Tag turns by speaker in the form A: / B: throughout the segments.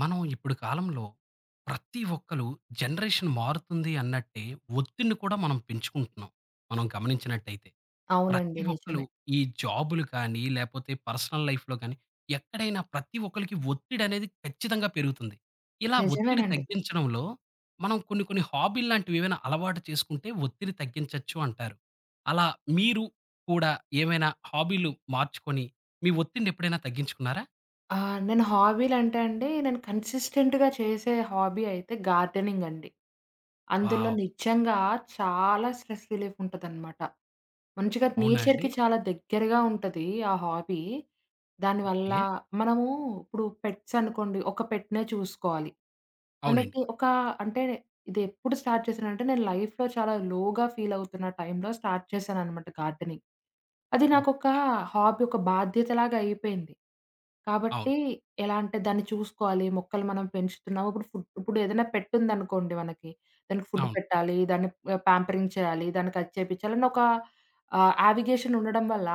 A: మనం ఇప్పుడు కాలంలో ప్రతి ఒక్కళు జనరేషన్‌ మారుతుంది అన్నట్టే ఒత్తిడిని కూడా మనం పెంచుకుంటున్నాం మనం గమనించినట్టయితే.
B: అవునండి.
A: ప్రతి ఒక్కళు
B: నిజమే.
A: ఈ జాబులు కానీ లేపోతే, పర్సనల్ లైఫ్‌లో కాని, ఎక్కడైనా ప్రతి ఒక్కళకి ఒత్తిడనేది ఖచ్చితంగా పెరుగుతుంది. ఇలా ఒత్తిడి
B: నిజమేనండి.
A: తగ్గించడంలో, మనం కొన్ని కొన్ని హాబీల్లాంటివి ఏవైనా అలవాటు చేసుకుంటే ఒత్తిడి తగ్గించొచ్చు అంటారు. అలా మీరు కూడా ఏమైనా హాబీలు మార్చుకొని, మీ ఒత్తిడిని ఎప్పుడైనా తగ్గించుకున్నారా?
B: ఆ! నేను హాబీలంటే అండి నేను కన్సిస్టెంట్‌గా చేసే హాబీ అయితే గార్డెనింగ్ అండి. అందులో
A: వావ్!
B: నిజంగా చాలా స్ట్రెస్ రిలీఫ్ ఉంటదనమాట. మంచిగా
A: అవునా అండి.
B: నేచర్‌కి చాలా దగ్గరగా ఉంటది ఆ హాబీ. దానివల్ల
A: ఓకే.
B: మనము ఇప్పుడు పెట్స్ అనుకోండి ఒక పెట్‌నే చూసుకోవాలి.
A: అవునండి.
B: మనకి ఒకా అంటే, ఇదెప్పుడు స్టార్ట్ చేశానంటే నేను లైఫ్‌లో చాలా లోగా ఫీలవుతున్న టైమ్‌లో స్టార్ట్ చేశాననమాట గార్డెనింగ్. అది నాకొక
A: ఓకే.
B: హాబీ ఒక బాధ్యతలాగా అయిపోయింది.
A: అవును.
B: కాబట్టి, ఎలా అంటే దాన్ని చూసుకోవాలి మొక్కలు మనం పెంచుతున్నాము. ఇప్పుడు ఫుడ్ ఇప్పుడు ఏదన్నా పెట్ ఉందనుకోండి మనకి దానికి ఫుడ్
A: అవును.
B: పెట్టాలి, దాన్ని ఆ! ప్యాంపరింగ్ చేయాలి, దాన్ని కచ్ చేపించాలని ఒకా ఆహ్, యావిగేషన్ ఉండడం వల్ల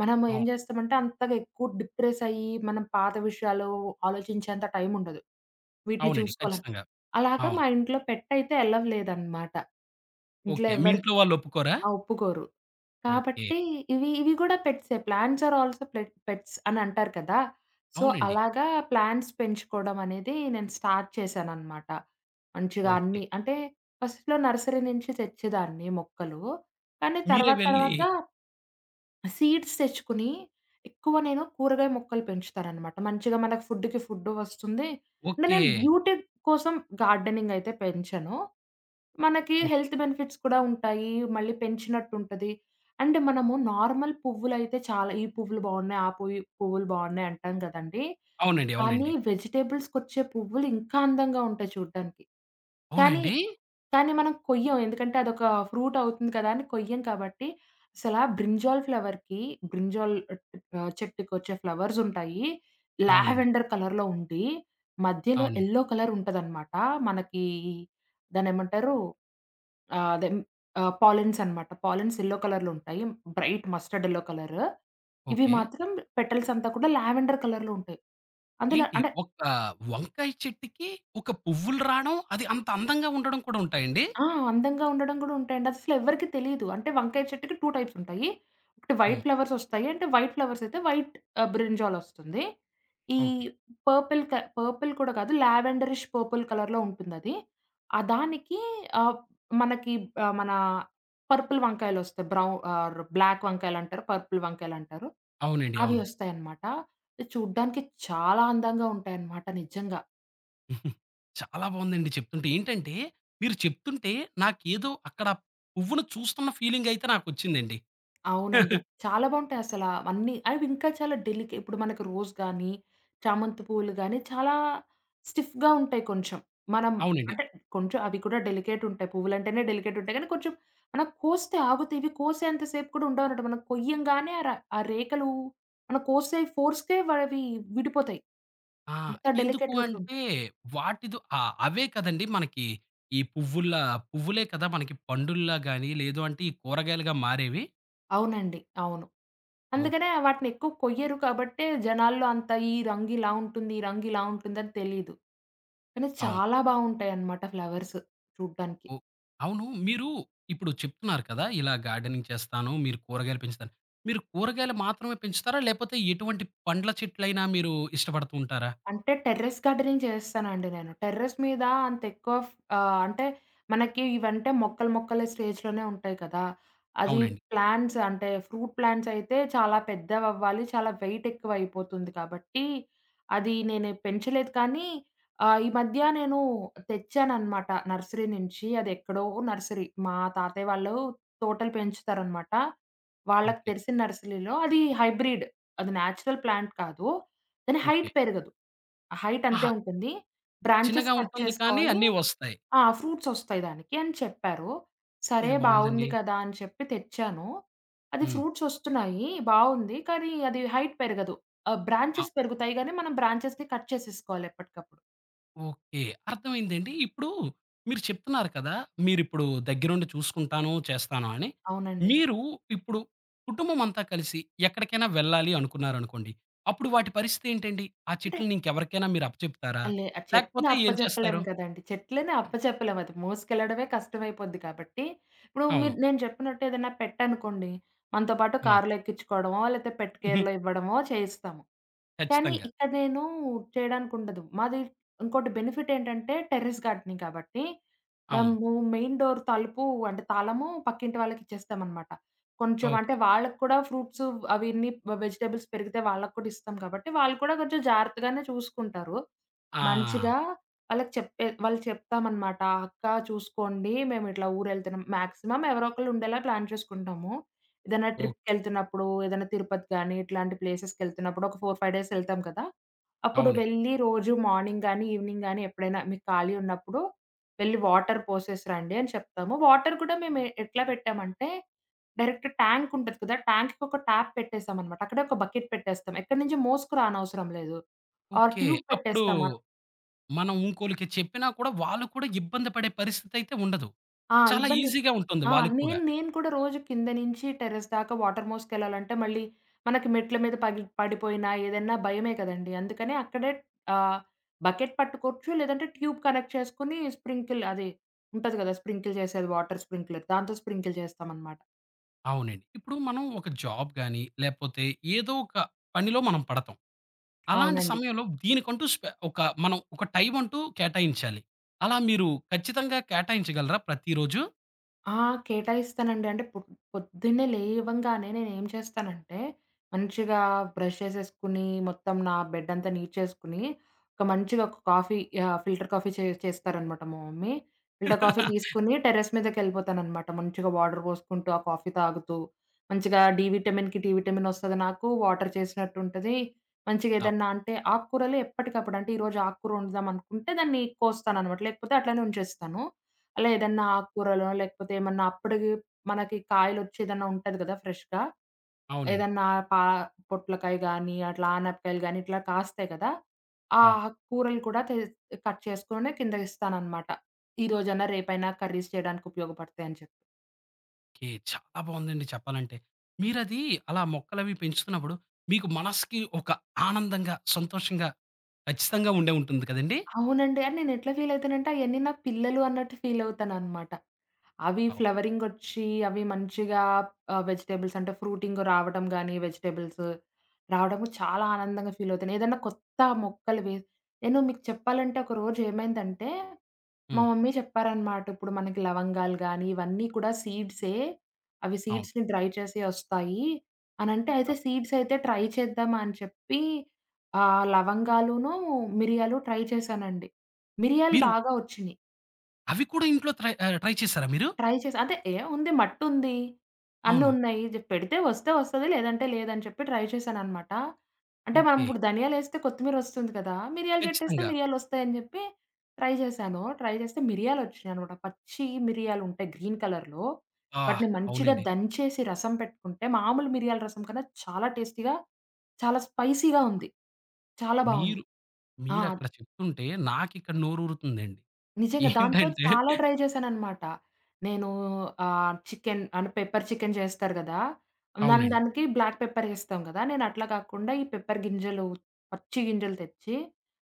B: మనం ఏం
A: అవును.
B: జేస్తామంటే అంతగా ఎక్కువ డిప్రెసయి మనం పాత విషయాలు ఆలోచించేంత టైమ్ ఉండదు వీటిని
A: అవునండి.
B: చూసుకోవాలని.
A: ఖచ్చితంగా.
B: అలాగా మా
A: అవును.
B: ఇంట్లో పెట్ అయితే అలౌ లేదనమాట. ఇంట్లో
A: ఓకే. మీ
B: ఎవ్వరికి
A: ఇంట్లో వాళ్ళు ఒప్పుకోరా?
B: ఆ! ఒప్పుకోరు.
A: ఓకే.
B: కాబట్టి ఇవి ఇవి గూడా పెట్సే. ప్లాంట్స్ ఆర్ ఆల్సో పె పెట్స్ అని అంటారు కదా! సో
A: అవునండి.
B: అలాగా ప్లాంట్స్ పెంచుకోవడం అనేది నేను స్టార్ట్ చేశాననమాట మంచిగా
A: ఓకే.
B: అన్నీ. అంటే, ఫస్ట్‌లో నర్సరీ నుంచి తెచ్చేదాన్ని మొక్కలు. కానీ
A: మీరే
B: తర్వాత
A: వెళ్ళి
B: తర్వాత, ఆ సీడ్స్ తెచ్చుకొని ఎక్కువ నేను కూరగాయ మొక్కలు పెంచుతాననమాట. మంచిగా మనకు ఫుడ్‌కి ఫుడ్డు వస్తుంది. అంటే, నేను
A: ఓకే.
B: బ్యూటీ కోసం గార్డెనింగ్ అయితే పెంచను. మనకి
A: ఓక్
B: హెల్త్ బెనిఫిట్స్ కూడా ఉంటాయి, మళ్ళీ పెంచినట్టుంటది. అంటే మనము నార్మల్ పువ్వులైతే చాలా ఈ పువ్వులు బావున్నాయి, ఆ పువి పువ్వులు బావున్నాయి అంటాం కదండీ.
A: అవునండి.
B: కానీ,
A: అవునండి.
B: వెజిటబుల్స్‌కొచ్చే పువ్వులు ఇంకా అందంగా ఉంటాయి చూడ్డానికి.
A: అవునా
B: కానీ,
A: అండి.
B: కానీ, మనం కొయ్యం. ఎందుకంటే, అదొక ఫ్రూట్ అవుతుంది కదా! అని కొయ్యం కాబట్టి, అసలా బ్రింజాల్ ఫ్లవర్‌కి బ్రింజాల్ ఆహ్, చెట్టుకొచ్చే ఫ్లవర్స్ ఉంటాయి
A: అవునండి.
B: లావెండర్ కలర్‌లో ఉండి, మధ్యలో
A: అవునండి.
B: ఎల్లో కలర్ ఉంటదనమాట. మనకీ దాన్నేమంటారు, ఆహ్, అదే ఆహ్, పాలిన్స్ అనమాట. పాలిన్స్ ఎల్లో కలర్‌లో ఉంటాయి. Bright mustard yellow colour. ఇవి
A: ఓకే.
B: మాత్రం పెటల్స్ అంతా కూడా లావెండర్ కలర్‌లో ఉంటాయి. అందులో
A: ఏంటి
B: అంటే
A: ఒక్క వంకాయ చెట్టికి ఒక పువ్వులు రాడం అది అంత అందంగా ఉండడం కూడా ఉంటాయండి?
B: ఆ! అందంగా ఉండడం కూడా ఉంటాయండి. అస్సలు ఎవ్వరికీ తెలీదు. అంటే, వంకాయ చెట్టుకి 2 టైప్స్ ఉంటాయి. ఒకటి, వైట్
A: హ్మ్.
B: ఫ్లవర్స్ ఒస్తాయి. అంటే, వైట్ ఫ్లవర్స్ అయితే వైట్ ఆ! బ్రింజాల్ ఒస్తుంది. ఈ
A: ఓకే.
B: పర్పుల్‌ క పర్పుల్ కూడా కాదు లావెండరిష్ పర్పుల్ కలర్‌లో ఉంటుందది. ఆహ్, దానికి ఆహ్, మనకి ఆహ్, మనా పర్పుల్ వంకాయలొస్తయి. బ్రౌ ఆర్ బ్లాక్ వంకాయలంటారు, పర్పుల్ వంకాయలంటారు,
A: అవునండి.
B: అవి
A: అవును.
B: ఒస్తాయనమాట. అది చూడ్డానికి చాలా అందంగా ఉంటాయనమాట నిజంగా.
A: చాలా బాగుందండి చెప్తుంటే. ఏంటంటే! మీరు చెప్తుంటే నాకేదో అక్కడ పువ్వును చూస్తున్న ఫీలింగయితే నాకొచ్చిందండి.
B: అవునండి. చాలా బావుంటాయి అసలా అన్నీ. అవి ఇంకా చాలా డెలికె ఇప్పుడు మనకు రోజ్ గాని, చామంతి పూలు గాని, చాలా స్టిఫ్‌గా ఉంటాయి కొంచెం. మనం
A: అవునండి.
B: అంటే, కొంచెం అవి కూడా డెలికేటుంటాయి. పువ్వులంటేనే డెలికేటుంటాయి. కానీ, కొంచెం మనం కోస్తే ఆగుతే ఇవి, కోసేంత సేపు కూడా ఉండవనమాట. మనం కొయ్యంగానే ఆ ర ఆ రేఖలు, మన కోసే ఫోర్స్‌కే వ అవి విడిపోతాయి.
A: ఆ!
B: అంత
A: ఎందుకు
B: డెలికేటెడ్‌గా
A: అంటే,
B: ఉంటాయి.
A: వాటిదో ఆహ్, అవే కదండీ! మనకి ఈ పువ్వుల్లా పువ్వులే కదా! మనకి పండుల్లా గాని, లేదు అంటే, ఈ కూరగాయలుగా మారేవి?
B: అవునండి. అవును.
A: ఓహ్!
B: అందుకనే వాటినెక్కువ కొయ్యరు కాబట్టే, జనాల్లో అంత ఈ రంగు ఇలా ఉంటుంది, ఈ రంగు ఇలా ఉంటుందని తెలీదు. కానీ,
A: అవును.
B: చాలా బావుంటాయన్నమాట ఫ్లవర్స్ చూడ్డానికి.
A: ఓహ్! అవును. మీరు ఇప్పుడు చెప్తున్నారు కదా! ఇలా గార్డెనింగ్ చేస్తాను, మీరు కూరగాయలు పెంచుతాను. మీరు కూరగాయలు మాత్రమే పెంచుతారా? లేకపోతే, ఎటువంటి పండ్ల చెట్లైనా మీరు ఇష్టపడుతూ ఉంటారా?
B: అంటే, టెర్రెస్ గార్డెనింగ్ చేస్తానండి నేను. టెర్రెస్ మీద అంతెక్కువ ఫ్ ఆహ్, అంటే, మనకి ఇవంటే మొక్కలు, మొక్కల స్టేజ్‌లోనే ఉంటాయి కదా! అది
A: అవునండి.
B: ప్లాంట్స్ అంటే, ఫ్రూట్ ప్లాంట్సయితే చాలా పెద్దవవ్వాలి, చాలా వెయిట్ ఎక్కువయిపోతుంది కాబట్టి, అది నేనే పెంచలేదు. కానీ, ఆ! ఈ మధ్య నేను తెచ్చాననమాట నర్సరీ నుంచి అది ఎక్కడో నర్సరీ. మా తాతయ్య వాళ్ళు తోటలు పెంచుతారనమాట. వాళ్ళకి
A: ఓకే.
B: తెలిసిన నర్సరీలో అది హైబ్రిడ్. అది నేచురల్ ప్లాంట్ కాదు. కానీ, హైట్
A: ఓకే.
B: పెరగదు. హైట్ అంతే
A: ఆహా!
B: ఉంటుంది. బ్రాంచెస్
A: చిన్నగా
B: కట్
A: ఉంటుంది కానీ,
B: చేసుకోవాలి.
A: అన్నీ వస్తాయి.
B: ఆ! "ఫ్రూట్సొస్తాయి. దానికి" అని చెప్పారు. సరే
A: ఇది
B: బావుంది
A: బావుందండి.
B: కదా! అని చెప్పి తెచ్చాను. అది
A: హ్మ్.
B: ఫ్రూట్సొస్తున్నాయి, బావుంది. కానీ, అది హైట్ పెరగదు. ఆహ్,
A: ఆ!
B: బ్రాంచెస్ పెరుగుతాయి గానీ, మనం బ్రాంచెస్‌ని కట్ చేసేసుకోవాలి ఎప్పటికప్పుడు.
A: ఓకే. అర్థమైందండి. ఇప్పుడు మీరు చెప్తున్నారు కదా! మీరిప్పుడు దగ్గరుండి చూసుకుంటాను, చేస్తాను అని.
B: అవునండి.
A: మీరు ఇప్పుడు కుటుంబమంతా కలిసి ఎక్కడికైనా వెళ్ళాలి అనుకున్నారనుకోండి, అప్పుడు వాటి పరిస్థితి ఏంటండి? ఆ
B: అంటే
A: చెట్లని ఇంక ఎవరికైనా మీరు అప్పచెప్తారా?
B: ఆ! లే ఆ చెట్టుని
A: లేకపోతే,
B: అప్ప
A: ఏం చేస్తారు?
B: జెప్పలేము కదండీ! చెట్లని అప్ప చెప్పలేం అది మోసుకెళ్ళడమే కష్టమైపోద్ది. కాబట్టి, ఇప్పుడు మీరు
A: అవును.
B: నేను జెప్పినట్టు ఏదైనా పెట్ అనుకోండి, మనతో పాటు
A: ఆ!
B: కార్లో ఎక్కించుకోవడమో లేపోతే, పెట్ కేర్‌లో
A: హుహు.
B: ఇవ్వడమో చేయిస్తాము. కానీ,
A: ఖచ్చితంగా.
B: ఇక్కడా నేను చేయడానికుండదు. మాది ఇంకోటి బెనిఫిటేంటంటే టెర్రస్ గార్డెనింగ్. కాబట్టి,
A: అవును.
B: మేము మెయిన్ డోర్ తలుపు అంటే, తాళము పక్కింటి వాళ్ళకిచ్చేస్తామనమాట. కొంచెం అంటే,
A: ఓకే.
B: వాళ్ళకి కూడా ఫ్రూట్సు అవన్నీ వెజిటబుల్స్ పెరిగితే వాళ్ళకి కూడా ఇస్తాం కాబట్టి, వాళ్ళు కూడా కొంచెం జాగ్రత్తగానే చూసుకుంటారు. మంచిగా
A: ఆ!
B: వాళ్ళకి చెప్పే వాళ్ళకి చెప్తామనమాట, "అక్క చూసుకోండి మేము ఇట్లా ఊరెళ్తున్నాం." మాక్సిమమ్ ఎవరోకళ్ళు ఉండేలా ప్లాన్ చేసుకుంటాము. ఏదైనా
A: ఓకే.
B: ట్రిప్‌కెళ్తున్నప్పుడు ఏదైనా తిరుపతి గానీ, ఇట్లాంటి ప్లేసెస్‌కెళ్తున్నప్పుడు ఒక 4, 5 డేస్ ఎళ్తాం కదా! అప్పుడు
A: అవునే.
B: వెళ్ళి రోజు మార్నింగ్ గానీ, ఈవినింగ్ గానీ ఎప్పుడైనా మీకు ఖాళీ ఉన్నప్పుడు వెళ్లి వాటర్ పోసేసిరాండి అని చెప్తాము. వాటర్ కూడా మేము ఎట్లా పెట్టామంటే, డైరెక్ట్ ట్యాంకుంటది కదా! ట్యాంక్‌కి ఒక ట్యాప్ పెట్టేసామనమాట. అక్కడే ఒక బకెట్ పెట్టేస్తాం. ఎక్కడి నుంచి మోసుకురానవసరం లేదు. ఆ
A: ఓకే.
B: ట్యూబ్
A: అప్పుడు
B: పెట్టేస్తామా
A: మనం ఇంకోళ్ళకి చెప్పినా కూడా వాళ్ళు కూడా ఇబ్బందిపడే పరిస్థితయితే ఉండదు.
B: ఆ!
A: చాలా
B: ఇబ్బంది
A: ఈజీగా ఉంటుంది
B: ఆ!
A: వాళ్ళకి కూడా.
B: నేను నేను కూడా రోజు కింద నుంచి టెర్రస్ దాకా వాటర్ మోసుకెళ్ళాలంటే మళ్ళీ, మనకి మెట్ల మీద పగిలి పడిపోయినా ఏదన్నా భయమే కదండీ! అందుకనే అక్కడే ఆహ్, బకెట్ పట్టుకోవచ్చు లేదంటే, ట్యూబ్ కనెక్ట్ చేసుకొని స్ప్రింకిల్ అది ఉంటది గదా! స్ప్రింకిల్ జేసేది వాటర్ స్ప్రింక్లర్ దాంతో స్ప్రింకిల్ జేస్తామనమాట.
A: అవునండి. ఇప్పుడు మనం ఒక జాబ్ గాని లేపోతే ఏదో ఒక పనిలో మనం పడతాం. అలాంటి
B: అవునండి.
A: సమయంలో దీనికంటూ స్పె ఒక మనం ఒక టైం అంటూ కేటాయించాలి. అలా మీరు ఖచ్చితంగా కేటాయించగలరా ప్రతిరోజు?
B: ఆ! కేటాయిస్తానండి. అంటే పొద్ పొద్దున్నే లేవంగానే నేనేం చేస్తానంటే, మంచిగా బ్రష్ చేసేసుకొని, మొత్తం నా బెడ్డంతా నీట్ చేసుకొని ఒక మంచిగా ఒక కాఫీ ఆహ్, ఫిల్టర్ కాఫీ చే చేస్తారనమాట మా మమ్మీ. ఫిల్టర్ కాఫీ తీసుకొని టెర్రస్ మీదకెళ్ళిపోతాననమాట. మంచిగా వాటర్ బోసుకుంటూ, ఆ కాఫీ తాగుతూ, మంచిగా డీ విటమిన్‌కి డీ విటమిన్‌ ఒస్తది నాకు, వాటర్ చేసినట్టు ఉంటది.
A: అవు
B: మంచిగేదన్నా అంటే ఆక్కూరలు ఎప్పటికప్పుడు అంటే, ఈరోజు ఆకుకూర ఒండుదామనుకుంటే దాన్ని కోస్తాననమాట, లేకపోతే అట్లనే ఉంచేస్తాను. అలా ఏదన్నా
A: ఆ!
B: ఆక్కూరలో లేకపోతే ఏమన్నా అప్పడికి మనకి కాయలొచ్చి ఏదన్నా ఉంటది గదా! ఫ్రెష్‌గా.
A: అవునండి.
B: ఏదన్నా పా పొట్లకాయ గానీ, అట్లా ఆనపకాయలు గానీ, ఇట్లా కాస్తాయి గదా! ఆ
A: అవును.
B: ఆక్కూరలు కూడా తె కట్ చేసుకొనే కిందకిస్తాననమాట. ఈరోజన్నా రేపైనా కర్రీస్ చేయడానికి ఉపయోగపడతాయని చెప్పి.
A: ఓకే. చాలా బావుందండి చెప్పాలంటే. మీరది అలా మొక్కలవి పెంచుతున్నప్పుడు మీకు మనసుకి ఒక ఆనందంగా, సంతోషంగా, ఖచ్చితంగా ఉండే ఉంటుంది కదండీ?
B: అవునండి. అని నేను ఎట్లా ఫీల్ అయితానంటే అయన్నీ నా పిల్లలు అన్నట్టు ఫీలవుతాననమాట. అవి
A: అవు
B: ఫ్లవరింగ్ ఒచ్చి, అవి మంచిగా ఆహ్, వెజిటబుల్స్ అంటే, ఫ్రూటింగ్ రావటం గానీ వెజిటబుల్స్. రావడము చాలా ఆనందంగా ఫీల్ అవుతాను. ఏదన్నా కొత్త మొక్కలు వేస్ నేను మీకు చెప్పాలంటే ఒక రోజు ఏమైందంటే, మా
A: హ్మ్.
B: మమ్మీ చెప్పారనమాట. "ఇప్పుడు మనకి లవంగాలు గానీ ఇవన్నీ కూడా సీడ్సే. అవి
A: అవును.
B: సీడ్స్‌‌ని డ్రై చేసి ఒస్తాయి" అనంటే అయితే
A: అవు
B: సీడ్స్ అయితే ట్రై చేద్దామా అని చెప్పీ, ఆహ్, లవంగాలూను, మిరియాలు ట్రై చేశానండి. మిరియాలు
A: మీరు
B: బాగా ఒచ్చినీయి.
A: అవి కూడా ఇంట్లో తై ఆహ్, ట్రై చేసారా మీరు?
B: ట్రై చేసి. అదే ఏ! ఉంది మట్టుంది, అన్ని
A: అవును.
B: ఉన్నాయి. జె పెడితే వస్తే వస్తది, లేదంటే లేదని చెప్పి ట్రై చేశాననమాట. అంటే, మనం
A: ఓకే.
B: ఇప్పుడు ధనియాలేస్తే కొత్తిమీరొస్తుంది కదా! మిరియల చెట్టేస్తే
A: ఖచ్చితంగా.
B: మిరియాలోస్తాయని చెప్పి. ట్రై చేశాను. ట్రై చేస్తే మిరియాలు వచ్చేినాయినమాట. పచ్చి మిరియాలు ఉంటాయి గ్రీన్ కలర్‌లో
A: ఆ!
B: వాటిని మంచిగా
A: అవునండి.
B: దంచేసి రసం పెట్టుకుంటే మామూలు మిరియాల రసం కన్నా చాలా టేస్టీగా, చాలా స్పైసీగా ఉంది. చాలా బావుంది.
A: మీరు
B: ఆ!
A: మీరక్కడ చెప్తుంటే నాకిక్కడ నోరుతుందండి.
B: నిజంగా దాంతో
A: ఏంటంటే
B: చాలా ట్రై చేశాననమాట. నేను ఆహ్, చికెన్ అంటే పెప్పర్ చికెన్ చేస్తారు కదా! దాన్
A: అవునండి.
B: దానికి బ్లాక్ పెప్పర్ ఎస్తాం కదా! నేను అట్లా కాకుండా ఈ పెప్పర్ గింజలు, పచ్చి గింజలు తెచ్చి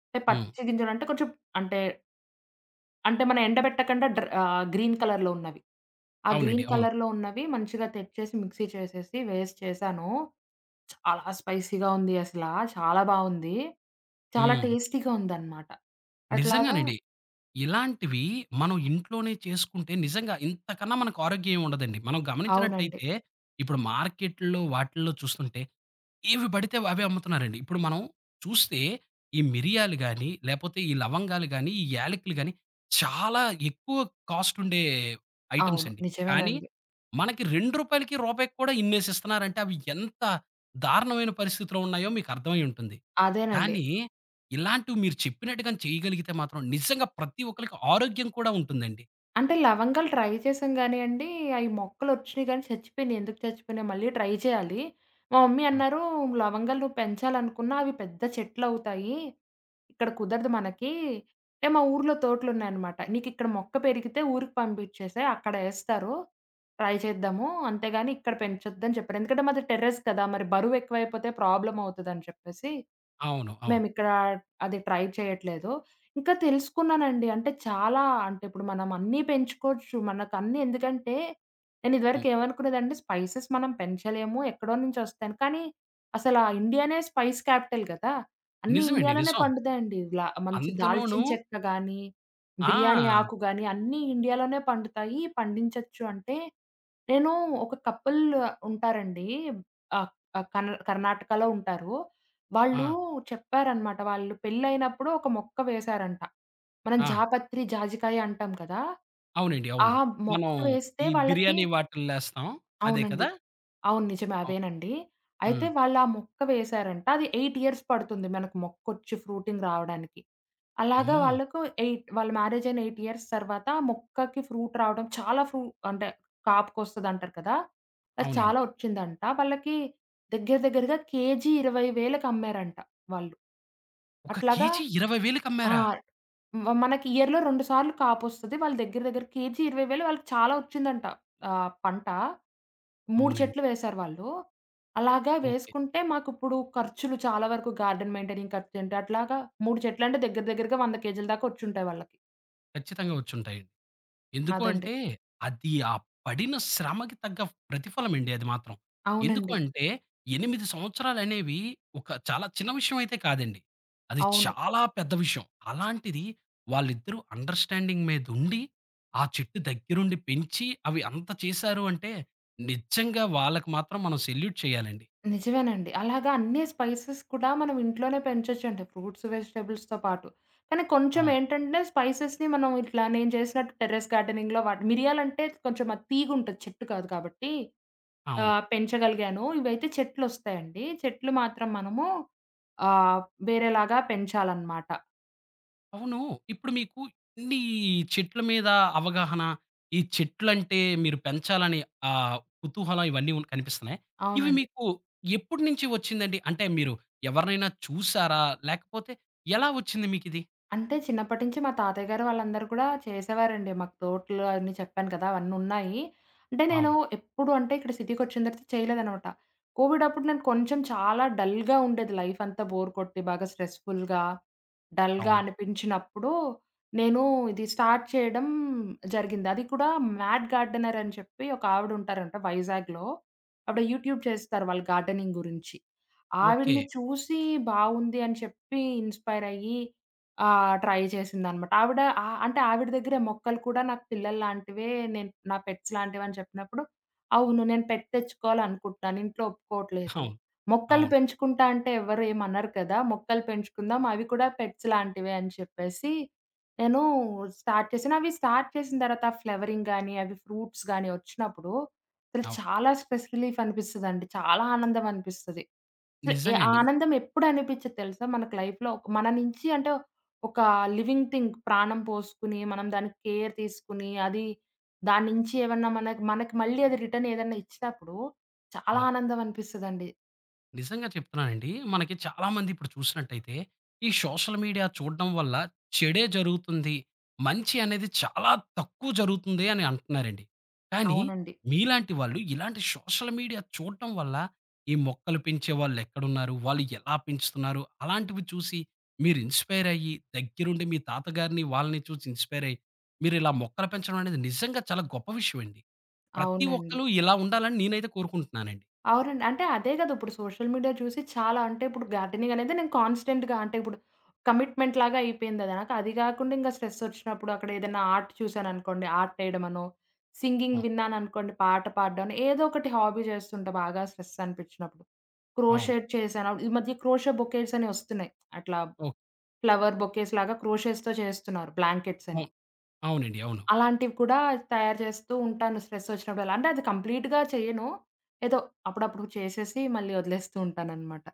B: అంటే
A: హ్మ్.
B: పచ్చిగింజలంటే కొంచెం అంటే అంటే, మనం ఎండబెట్టకుండా డ్ర ఆహ్, గ్రీన్ కలర్‌లో ఉన్నవి. ఆ
A: అవునండి.
B: గ్రీన్
A: అవును.
B: కలర్‌లో ఉన్నవి మంచిగా తెచ్చేసి మిక్సీ చేసేసి వేసి చేశాను, చాలా స్పైసీగా ఉంది అసల, చాలా బావుంది. చాలా
A: హ్మ్.
B: టేస్టీగా ఉందనమాట. అట్లాగా
A: నిజంగానండి. ఇలాంటివి మనం ఇంట్లోనే చేసుకుంటే నిజంగా ఇంతకన్నా మనకారోగ్య ఏముండదండి. మనం
B: అవునండి.
A: గమనించినట్టయితే ఇప్పుడు మార్కెట్‌లో వాటిల్లో చూస్తుంటే. ఏవి పడితే అవే అమ్ముతున్నారండి. ఇప్పుడు మనం చూస్తే ఈ మిరియాలు గాని, లేపోతే ఈ లవంగాలు గాని, ఈ యాలెకులు గాని చాలా ఎక్కువ కాస్ట్ ఉండే ఐటెమ్స్
B: అవును.
A: అండి. కానీ
B: నిజమేనండి.
A: మనకి రూ. 2, రూపాయికి కూడా ఇన్నేసిస్తున్నారంటే అవి ఎంత దారుణమైన పరిస్థితులున్నాయో మీకర్థమై ఉంటుంది.
B: అదేనండి.
A: కానీ ఇలాంటివి మీరు చెప్పినట్టుగాని చేయగలిగితే మాత్రం నిజంగా ప్రతి ఒక్కళ్ళకి ఆరోగ్యం కూడా ఉంటుందండి.
B: అంటే, లవంగాలు ట్రై చేసాం కానియండి. అయి మొక్కలొచ్చినయి గానీ చచ్చిపోయినయి. ఎందుకు చచ్చిపోయినయో, మళ్ళీ ట్రై చేయాలి. మా మమ్మీ
A: హ్మ్.
B: అన్నారు "లవంగాలు నువ్వు పెంచాలనుకున్నా అవి పెద్ద చెట్లవుతాయి. ఇక్కడ కుదరదు మనకి" అంటే, మా ఊర్లో తోటలున్నాయనమాట. "నీకిక్కడ మొక్క పెరిగితే ఊరికి పంపించేసేయి అక్కడేస్తారు. ట్రై చేద్దాము. అంతేగాని ఇక్కడ పెంచొద్దని" చెప్పారు. ఎందుకంటే మాది టెర్రస్ కదా! మరి బరువు ఎక్కువైపోతే ప్రాబ్లమ్ అవుతదని చెప్పేసి.
A: అవును. అవును.
B: మేమిక్కడా అది ట్రై చేయట్లేదు. ఇంకా తెలుసుకున్నానండి. అంటే చాలా, అంటే ఇప్పుడు మనం అన్నీ పెంచుకోవచ్చు. మనకన్నీ ఎందుకంటే, నేను ఇదివరకు
A: హ్మ్.
B: ఏమనుకున్నదంటే, స్పైసెస్ మనం పెంచలేము ఎక్కడో నుంచి వస్తాయని కానీ, అసలా ఇండియానే స్పైస్ క్యాపిటల్ కదా! అన్ని
A: నిజమండి.
B: ఇండియాలోనే
A: నిజం.
B: పండుతాయండి. లా మంచి
A: అందులోనూ
B: దాల్చిన చెక్కగానీ, బిర్యానీ
A: ఆ!
B: ఆకు గాని అన్నీ ఇండియాలోనే పండుతాయి, పండించొచ్చు అంటే, నేనూ ఒక కపుల్ ఉంటారండి. ఆహ్, ఆ కర్ణ్ కర్ణాటకలో ఉంటారు. వాళ్ళూ
A: ఆ!
B: చెప్పారన్నమాట, వాళ్ళు పెళ్ళైనప్పుడు ఒక మొక్క వేశారంట. మనం
A: ఆ!
B: జాపత్రి, జాజికాయ అంటాం కదా!
A: అవునండి.
B: ఆ
A: అవును.
B: మొక్క
A: మనం,
B: వేస్తే
A: ఈ
B: వాళ్ళకి
A: బిర్యానీ వాటిల్లో ఎస్తాం, అదే
B: అవునండి.
A: కదా?
B: అవును. నిజమే.
A: అవును.
B: అవేనండి. అయితే
A: హ్మ్.
B: వాళ్ళు ఆ మొక్క వేశారంట. అది 8 ఇయర్స్ పడుతుంది, మనకు మొక్కొచ్చి ఫ్రూటింగ్ రావడానికి. అలాగా
A: అమ్మో!
B: వాళ్ళకు ఎయిట్ వాళ్ళ మ్యారేజ్ అయిన 8 ఇయర్స్ తర్వాత మొక్కకి ఫ్రూట్ రావడం చాలా ఫ్రూ అంటే, కాపుకొస్తదంటారు కదా! అది
A: అవునండి.
B: చాలా ఒచ్చిందంట. వాళ్ళకి, దెగ్గర దెగ్గరగా కేజీ 20,000కి అమ్మారంట వాళ్ళు.
A: ఒక
B: అట్లాగా
A: కేజీ 20,000కి
B: ఆ!
A: అమ్మారా?
B: మ మనకి ఇయర్‌లో 2 సార్లు కాపొస్తది. వాళ్ళ దెగ్గర దెగ్గర కేజీ 20,000 వాళ్ళకి చాలా ఒచ్చిందంట. ఆహ్, పంట. 3
A: అవునండి.
B: చెట్లు వేేశారు వాళ్ళు. అలాగా
A: ఓకే.
B: వేసుకుంటే మాకు ఇప్పుడు ఖర్చులు చాలా వరకు గార్డెన్ మెయింటైనింగ్ ఖర్చు అంటే అట్లాగా, 3 చెట్లంటే దెగ్గర దెగ్గరగా 100 కేజీల దాకొచ్చుంటాయి వాళ్ళకి.
A: ఖచ్చితంగా వచ్చుంటాయి. ఎందుకు
B: అదండి.
A: అంటే, అది ఆ పడిన శ్రమకి తగ్గ ప్రతిఫలం అండి అది మాత్రం. ఎందుకు
B: అవునండి.
A: అంటే, 8 సంవత్సరాలనేవి ఒక చాలా చిన్న విషయం అయితే కాదండి. అది
B: అవును.
A: చాలా పెద్ద విషయం. అలాంటిది వాళ్ళిద్దరూ అండర్‌స్టాడింగ్ మీదుండి, ఆ చెట్టు దగ్గరుండి పెంచి, అవి అంత చేశారు అంటే నిజంగా వాళ్ళకి మాత్రం మనం సెల్యూట్ చేయాలండి.
B: నిజమేనండి. అలాగా అన్ని స్పైసెస్ కూడా మనం ఇంట్లోనే పెంచొచ్చండి. ఫ్రూట్స్, వెజిటబుల్స్‌తో పాటు. కానీ కొంచెం
A: అవును.
B: ఏంటంటే స్పైసెస్‌ని మనం ఇట్లా నేను చేసినట్టు టెర్రెస్ గార్డెనింగ్‌లో వాట మిరియాలంటే కొంచెం అది తీగుంటది చెట్టు కాదు కాబట్టి,
A: అవును.
B: ఆహ్, పెంచగలిగాను. ఇవైతే చెట్లొస్తాయండి. చెట్లు మాత్రం మనము ఆహ్, వేరేలాగా పెంచాలనమాట.
A: అవును. ఇప్పుడు మీకు ఎన్ని చెట్ల మీద అవగాహన, ఈ చెట్లంటే మీరు పెంచాలని ఆ కుతహలం ఇవన్నీ కనిపిస్తున్నాయా, ఇవి
B: అవునండి.
A: మీకు ఎప్పటి నుంచి వచ్చిందండి? అంటే, మీరు ఎవరినైనా చూసారా? లేకపోతే ఎలా వచ్చింది మీకిది?
B: అంటే, చిన్నప్పటి నుంచి మా తాతయ్యగారు వాళ్ళందరూ కూడా చేసేవారండి. మాకు తోట్లు అన్నీ చెప్పాను కదా! అవన్నీ ఉన్నాయి. అంటే, నేను
A: అవును.
B: ఎప్పుడు అంటే ఇక్కడ సిటీకొచ్చిన తర్వాత చేయలేదనమాట. కోవిడప్పుడు నేను కొంచెం చాలా డల్‌గా ఉండేది లైఫంతా బోర్ కొట్టి బాగా స్ట్రెస్‌ఫుల్‌గా, డల్‌గా
A: అవును.
B: అనిపించినప్పుడు నేను ఇది స్టార్ట్ చేయడం జరిగింది. అది కూడా మ్యాట్ గార్డెనర్ అని చెప్పి ఒకావిడ ఉంటారంట వైజాగ్‌లో. ఆవిడ యూట్యూబ్ చేస్తారు వాళ్ళు గార్డెనింగ్ గురించి. ఆవిడ్ని
A: ఓకే.
B: చూసి బావుంది అని చెప్పి ఇన్స్‌పైర్ అయ్యి. ఆహ్, ట్రై చేసిందనమాట. ఆవిడ ఆహ్, అంటే ఆవిడ దగ్గరె, "మొక్కలు కూడా నాకు పిల్లలు లాంటివే నేను నా పెట్స్ లాంటివని" చెప్పినప్పుడు, అవును. నేను పెట్ తెచ్చుకోవాలనుకుంటున్నాను. ఇంట్లో ఒప్పుకోవట్లేదు.
A: అవును,
B: మొక్కలు
A: అవును.
B: పెంచుకుంటా అంటే, ఎవ్వరు ఏమనరు కదా! మొక్కలు పెంచుకుందాం అవి కూడా పెట్స్ లాంటివే అని చెప్పేసి, నేను స్టార్ట్ చేశాను. అవి స్టార్ట్ చేసిన తర్వాత ఫ్లవరింగ్ గాని, అవి ఫ్రూట్స్ గాని వచ్చినప్పుడు అసలు
A: అవును.
B: చాలా స్ట్రెస్‌ రిలీఫ్ అనిపిస్తదండి. చాలా ఆనందం అనిపిస్తది. అసలు
A: నిజంగా అండి.
B: ఆనందం ఎప్పుడ అనిపించద్ది తెలుసా? మనకు లైఫ్‌లో మన నుంచి అంటే ఒక లివింగ్ థింగ్ ప్రాణం పోసుకొని మనం దానికి కేర్ తీసుకొని అది దాని నుంచి ఏమన్నా మన, మనకి మళ్ళీ అది రిటర్న్ ఏదన్నా ఇచ్చినప్పుడు చాలా
A: అవును.
B: ఆనందం అనిపిస్తదండి.
A: నిజంగా చెప్తున్నానండి. మనకి చాలామంది ఇప్పుడు చూసినట్టయితే. "ఈ సోషల్ మీడియా చూడడం వల్ల చెడే జరుగుతుంది. మంచి అనేది చాలా తక్కువ జరుగుతుంది." అని అంటున్నారండి. కానీ
B: అవునండి.
A: మీలాంటి వాళ్ళు ఇలాంటి సోషల్ మీడియా చూడటం వల్ల ఈ మొక్కలు పెంచే వాళ్ళెక్కడున్నారు? వాళ్ళు ఎలా పెంచుతున్నారు? అలాంటివి చూసి మీరు ఇన్స్పైర్ అయ్యి దగ్గరుండి మీ తాతగారిని వాళ్ళని చూసి ఇన్స్పైర్ అయ్యి. మీరిలా మొక్కలు పెంచడం అనేది నిజంగా చాలా గొప్ప విషయండి. ప్రతి
B: అవునండి.
A: ఒక్కళు ఇలా ఉండాలని నేనైతే కోరుకుంటున్నానండి.
B: అవునండి. అంటే అదే గదా! ఇప్పుడు సోషల్ మీడియా చూసి చాలా అంటే ఇప్పుడు గార్డెనింగనేది నేను కాన్స్టెంట్‌గా అంటే ఇప్పుడు కమిట్మెంట్‌లాగా అయిపోయిందది నాకు. అది గాకుండా ఇంగ స్ట్రెస్సొచ్చినప్పుడు అక్కడ ఏదైనా ఆర్ట్ చూసాననుకోండి ఆర్టేయడమనో. సింగింగ్
A: అవును.
B: విన్నాననుకోండి పాట పాడడం అని ఏదో ఒకటి హాబీ చేస్తుంటా బాగా స్ట్రెస్సనిపిచినప్పుడు.
A: అవును.
B: క్రోషేడ్ చేశాను. ఆహ్, ఈ మధ్య క్రోషే బొకేట్స్ అని వస్తున్నాయి. అట్లా.
A: ఓహ్!
B: ఫ్లవర్ బొకేస్‌లాగా క్రోషెస్‌తో చేస్తున్నారు బ్లాంకెట్సని.
A: ఓహ్! అవునండి. అవును.
B: అలాంటివి కూడా తయారు చేస్తూ ఉంటాను స్ట్రెస్సొచ్చినప్పుడల్ల. అంటే అది కంప్లీట్‌‌గా చెయను. ఏదో అప్పుడప్పుడుకి చేసేసి మళ్ళీ వదిలేస్తూ ఉంటాననమాట.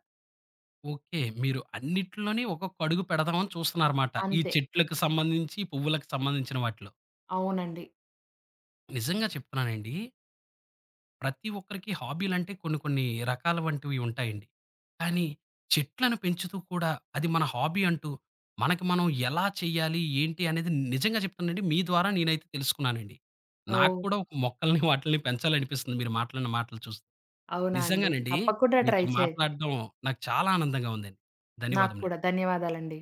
A: ఓకే. మీరు అన్నిటిలోని ఒకొక్క అడుగు పెడదామని చూస్తున్నారమాట. ఈ
B: అంతే.
A: చెట్లకు సంబంధించి పువ్వులకు సంబంధించిన వాటిలో.
B: అవునండి.
A: నిజంగా చెప్తున్నానండి ప్రతి ఒక్కరికి హాబీలంటే కొన్ని కొన్ని రకాల వంటివి ఉంటాయండి. కానీ. చెట్లను పెంచుతూ కూడా అది మన హాబీ అంటూ. మనకి మనం ఎలా చేయాలి? ఏంటి? అనేది నిజంగా చెప్తానండి. మీ ద్వారా నేనైతే తెలుసుకున్నానండి. నాకు
B: ఓహ్!
A: కూడా ఒక మొక్కల్ని వాటిల్ని పెంచాలనిపిస్తుంది. మీరు మాట్లాడిన మాటలు చూస్తే.
B: అవునా! అండి.
A: నిజంగానండి.
B: తప్పకుండా ట్రై
A: మీతో
B: చేయండి.
A: మాట్లాడడం నాకు చాలా ఆనందంగా ఉందండి.
B: నాకు
A: ధన్యవాదములండి.
B: కూడా ధన్యవాదాలండి.